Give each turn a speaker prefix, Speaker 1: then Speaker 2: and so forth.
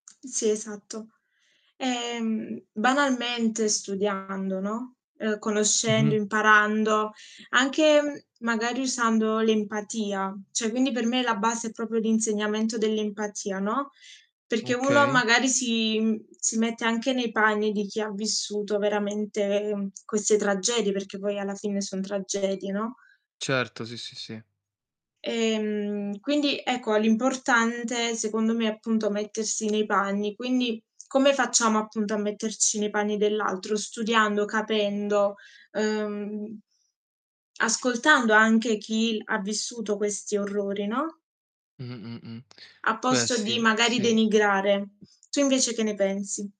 Speaker 1: Sì esatto. Ehm, banalmente studiando, no, ehm, conoscendo,
Speaker 2: Mh-mh.
Speaker 1: imparando, anche, mhmm, magari usando l'empatia, cioè quindi per me la base è proprio l'insegnamento dell'empatia, no, perché uno
Speaker 2: Okay.
Speaker 1: magari si mhmm, si mette anche nei panni di chi ha vissuto veramente, ehm, queste tragedie perché poi alla fine son tragedie, no.
Speaker 2: Certo, sì, sì, sì.
Speaker 1: Ehm, quindi, ecco, a l'importante, secondo me, appunto mettersi nei panni, quindi come facciamo, appunto, a metterci nei panni dell'altro? Studiando, capendo, ehm ascoltando anche chi ha vissuto questi orrori, no
Speaker 2: Mh, mh, mh.
Speaker 1: a
Speaker 2: Beh
Speaker 1: posto di
Speaker 2: sì,
Speaker 1: magari
Speaker 2: sì.
Speaker 1: denigrare. Tu invece che ne pensi?